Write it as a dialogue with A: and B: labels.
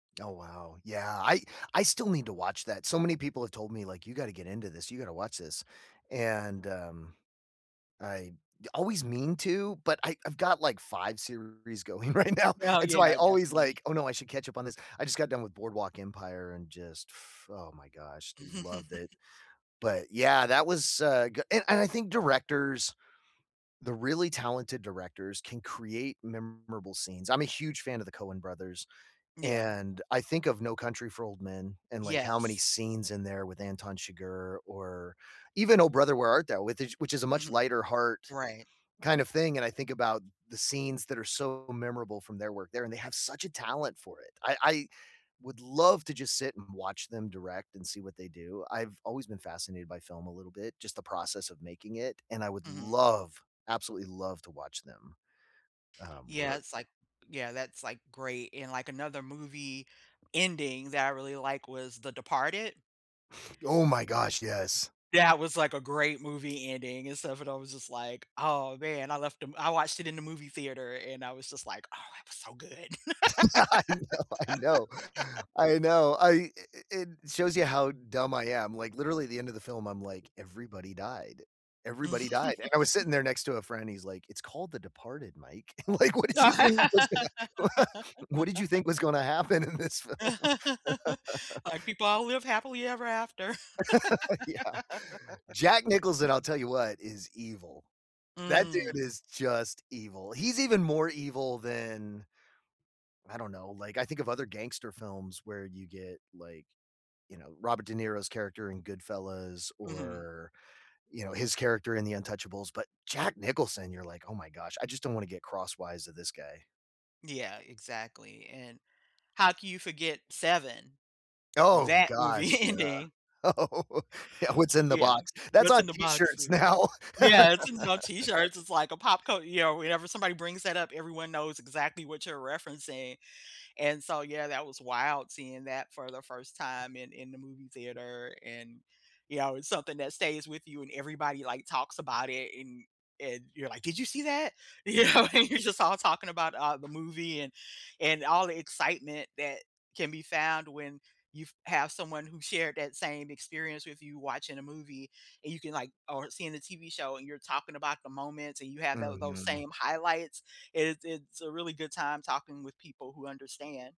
A: Oh, wow. Yeah, I I still need to watch that. So many people have told me, like, "You gotta get into this. You gotta watch this." And, um, I always mean to, but I I've got, like, 5 series going right now.
B: Oh,
A: And, so, I
B: yeah.
A: always
B: Definitely.
A: like, "Oh, no. I should catch up on this." I just got done with Boardwalk Empire and just, f oh, my gosh. Loved it. But, yeah, that was, uh, g and and I think directors, the really talented directors, can create memorable scenes. I'm a huge fan of the Coen brothers,
B: Yeah.
A: and I think of No Country for Old Men and, like, how many
B: Yes.
A: scenes in there with Anton Chigurh, or even Oh Brother, Where Art Thou? with ish which is a much
B: Mhm.
A: lighter heart
B: Right.
A: kind of thing. And I think about the scenes that are so memorable from their work there, and they have such a talent for it. I I would love to just sit and watch them direct, and see what they do. I've always been fascinated by film a little bit, just the process of making it, and I would
B: Mhm.
A: love, absolutely love, to watch them, um,
B: Yeah.
A: work.
B: It's, like yeah, that's, like, great. And, like, another movie ending that I really like was The Departed.
A: Oh my
B: Ooh
A: gosh. Yes.
B: That was like a great movie ending and stuff, and I was just like, "Oh, man." I left them I watched it in the movie theater and I was just like, "Oh, that was so good."
A: Yeah, I know, I know. I know. I i i in it shows you how dumb I am. Like, literally at the end of the film, I'm like, "Everybody died. Everybody died." And I was sitting there next to a friend, he's like, "It's called The Departed, Mike. Like, what did you think was gonna wha what did you think was gonna happen in this film?"
B: Like, "People all live happily ever after."
A: Yeah. Jack Nicholson, I'll tell you what, is evil. That dude
B: Mm.
A: is just evil. He's even more evil than I don't know. Like, I think of other gangster films where you get, like, you know, Robert De Niro's character in Goodfellas
B: Mhm.
A: or, you know, his character in The Untouchables. But Jack Nicholson, you're like, "Oh, my gosh. I just don't wanna get crosswise of this guy."
B: Yeah. Exactly. And, how can you forget Seven?
A: Oh,
B: That movie
A: gosh, yeah.
B: ending
A: Oh, yeah, "What's
B: Y
A: in the
B: yeah.
A: box?" That's
B: "What's
A: on
B: in the box?"
A: T-shirts
B: like a
A: now.
B: Yeah, it's in some T-shirts. It's like a pop cul you know, whenever somebody brings that up, everyone knows exactly what you're referencing. And, so, yeah, that was wild seeing that for the first time in in the movie theater. And, you know, it's something that stays with you and everybody, like, talks about it. And and you're like, "Did you see that?" You
A: Yeah.
B: know? And you're just all talking about, uh, the movie and and all the excitement that can be found when you've have someone who shared that same experience with you watching a movie. And you can, like or seeing the TV show and you're talking about the moments and you have tho those
A: Mhm.
B: same highlights. It's it's a really good time talking with people who understand.